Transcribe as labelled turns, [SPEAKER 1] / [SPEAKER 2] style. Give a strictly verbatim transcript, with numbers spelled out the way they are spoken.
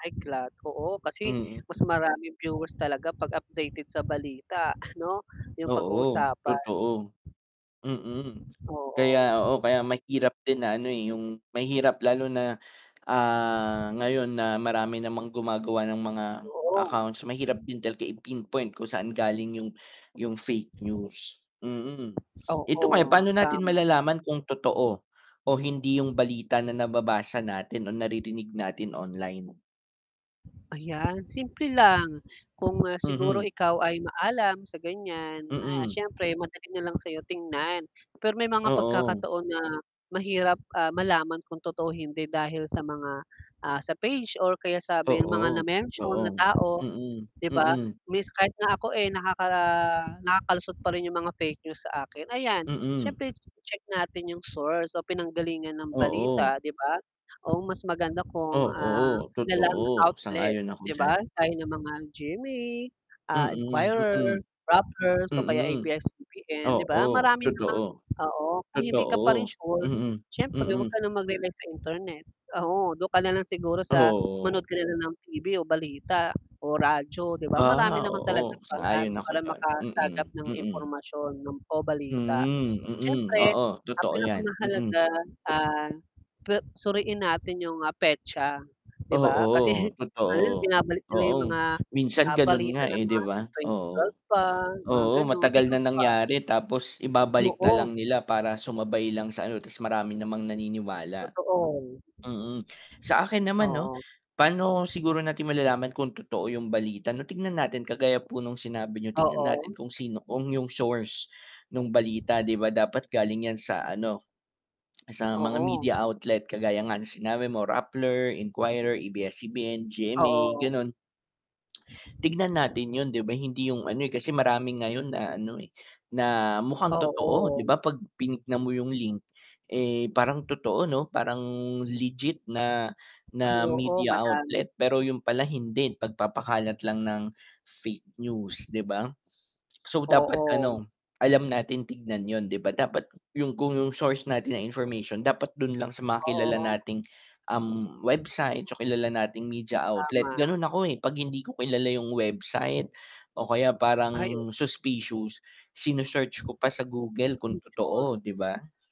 [SPEAKER 1] Ay kad oo, kasi mas
[SPEAKER 2] Mm.
[SPEAKER 1] maraming viewers talaga 'pag updated sa balita ano 'yung
[SPEAKER 2] Oo,
[SPEAKER 1] pag-usapan.
[SPEAKER 2] totoo, mm,
[SPEAKER 1] Oo.
[SPEAKER 2] kaya oo, kaya mahirap din na ano eh, 'yung mahirap lalo na ah, ngayon na marami namang gumagawa ng mga
[SPEAKER 1] [unintelligible]
[SPEAKER 2] accounts mahirap din talaga i-pinpoint kung saan galing 'yung 'yung fake news. Mm, ito kaya
[SPEAKER 1] Oo,
[SPEAKER 2] paano natin
[SPEAKER 1] tama.
[SPEAKER 2] malalaman kung totoo o hindi 'yung balita na nababasa natin o naririnig natin online?
[SPEAKER 1] Ayan simple lang kung ah, siguro
[SPEAKER 2] Mm.
[SPEAKER 1] ikaw ay maalam sa gan'yan na
[SPEAKER 2] Mm.
[SPEAKER 1] siyempre madali nalang sa'yo tingnan pero may mga
[SPEAKER 2] Oo.
[SPEAKER 1] pagkakataon na mahirap malaman kung totoo hindi dahil sa mga, ah, sa page or kaya sabi mga na
[SPEAKER 2] Oo,
[SPEAKER 1] mention na
[SPEAKER 2] totoo.
[SPEAKER 1] tao.
[SPEAKER 2] Mm, mm.
[SPEAKER 1] 'di ba
[SPEAKER 2] Mm.
[SPEAKER 1] means kahit nga ako eh, nakaka nakakalusot pa rin yung mga fake news sa akin ayan
[SPEAKER 2] Mm.
[SPEAKER 1] siyempre check natin yung source o pinanggalingan ng balita
[SPEAKER 2] Oo.
[SPEAKER 1] di ba o mas maganda kung ah
[SPEAKER 2] Oo,
[SPEAKER 1] kilalang
[SPEAKER 2] totoo,
[SPEAKER 1] outlet
[SPEAKER 2] sangayon ako
[SPEAKER 1] 'di
[SPEAKER 2] diyan.
[SPEAKER 1] ba gaya ng mga G-M-A, ah
[SPEAKER 2] Mm,
[SPEAKER 1] Inquirer,
[SPEAKER 2] mm.
[SPEAKER 1] Rappler o kaya
[SPEAKER 2] Mm.
[SPEAKER 1] A-B-S-C-B-N, 'di ba
[SPEAKER 2] Oo,
[SPEAKER 1] marami namang
[SPEAKER 2] totoo.
[SPEAKER 1] oo, kung hindi ka pa rin
[SPEAKER 2] Totoo,
[SPEAKER 1] sure
[SPEAKER 2] mm,
[SPEAKER 1] siyempre 'wag
[SPEAKER 2] mm.
[SPEAKER 1] ka ng mag-relay sa Internet. Oo, do'n ka na lang siguro sa manood
[SPEAKER 2] Oo.
[SPEAKER 1] ka na lang ng TV o balita o radyo 'di ba marami
[SPEAKER 2] Ah
[SPEAKER 1] naman
[SPEAKER 2] oo,
[SPEAKER 1] talagang paraan
[SPEAKER 2] sang-ayon ako
[SPEAKER 1] para
[SPEAKER 2] diyan, mm,
[SPEAKER 1] makasagap ng
[SPEAKER 2] mm.
[SPEAKER 1] impormasyon ng o balita,
[SPEAKER 2] Hmm, mm,
[SPEAKER 1] siyempre
[SPEAKER 2] oo,
[SPEAKER 1] ang
[SPEAKER 2] totoo 'yan, mm.
[SPEAKER 1] pinakamahalaga ah pe suriin natin 'yung, ah, petsa 'di ba?
[SPEAKER 2] Oo,
[SPEAKER 1] Kasi
[SPEAKER 2] totoo.
[SPEAKER 1] binabalik nila
[SPEAKER 2] Oo,
[SPEAKER 1] 'yung mga
[SPEAKER 2] minsan ganun
[SPEAKER 1] balita
[SPEAKER 2] nga
[SPEAKER 1] ng
[SPEAKER 2] eh, 'di
[SPEAKER 1] mga
[SPEAKER 2] ba,
[SPEAKER 1] twenty twenty
[SPEAKER 2] oo,
[SPEAKER 1] twelve pa mga
[SPEAKER 2] oo,
[SPEAKER 1] gano'n,
[SPEAKER 2] matagal
[SPEAKER 1] ikaw
[SPEAKER 2] na
[SPEAKER 1] ba?
[SPEAKER 2] nangyari tapos ibabalik na
[SPEAKER 1] Buo.
[SPEAKER 2] lang nila para sumabay lang sa ano ta's marami namang naniniwala.
[SPEAKER 1] Totoo.
[SPEAKER 2] Mm, sa akin naman 'no
[SPEAKER 1] Oo.
[SPEAKER 2] paano siguro natin malalaman kung totoo 'yung balita 'no tignan natin kagaya po nung sinabi niyo, tignan natin
[SPEAKER 1] Oo.
[SPEAKER 2] kung sino, kung yung source nung balita 'di ba dapat galing 'yan sa ano sa mga
[SPEAKER 1] Oo.
[SPEAKER 2] media outlet kagaya nga ng sinabi mo Rappler, Inquirer, A-B-S-C-B-N, G-M-A,
[SPEAKER 1] Oo.
[SPEAKER 2] gano'n. Tignan natin 'yun 'di ba, hindi 'yung ano eh, kasi marami ngayon na ano eh, na mukhang totoo 'di
[SPEAKER 1] Oo.
[SPEAKER 2] ba 'pag pinignan mo 'yung link eh, parang totoo 'no? Parang legit na
[SPEAKER 1] Ay
[SPEAKER 2] na
[SPEAKER 1] oo,
[SPEAKER 2] media
[SPEAKER 1] madami.
[SPEAKER 2] outlet, pero 'yun pala hindi pagpapakalat lang ng fake news 'di ba? So, dapat,
[SPEAKER 1] Oo.
[SPEAKER 2] ano alam natin tignan 'yun 'di ba, dapat 'yung kung 'yung source natin na information dapat dun lang sa mga kilala
[SPEAKER 1] Oh.
[SPEAKER 2] nating, uhm, website so kilala nating media outlet,
[SPEAKER 1] Tama.
[SPEAKER 2] ganun ako eh, 'pag hindi ko kilala yung website o kaya
[SPEAKER 1] Ay o
[SPEAKER 2] parang suspicious, sini search ko pa sa Google kung
[SPEAKER 1] Masking search
[SPEAKER 2] totoo, 'di ba?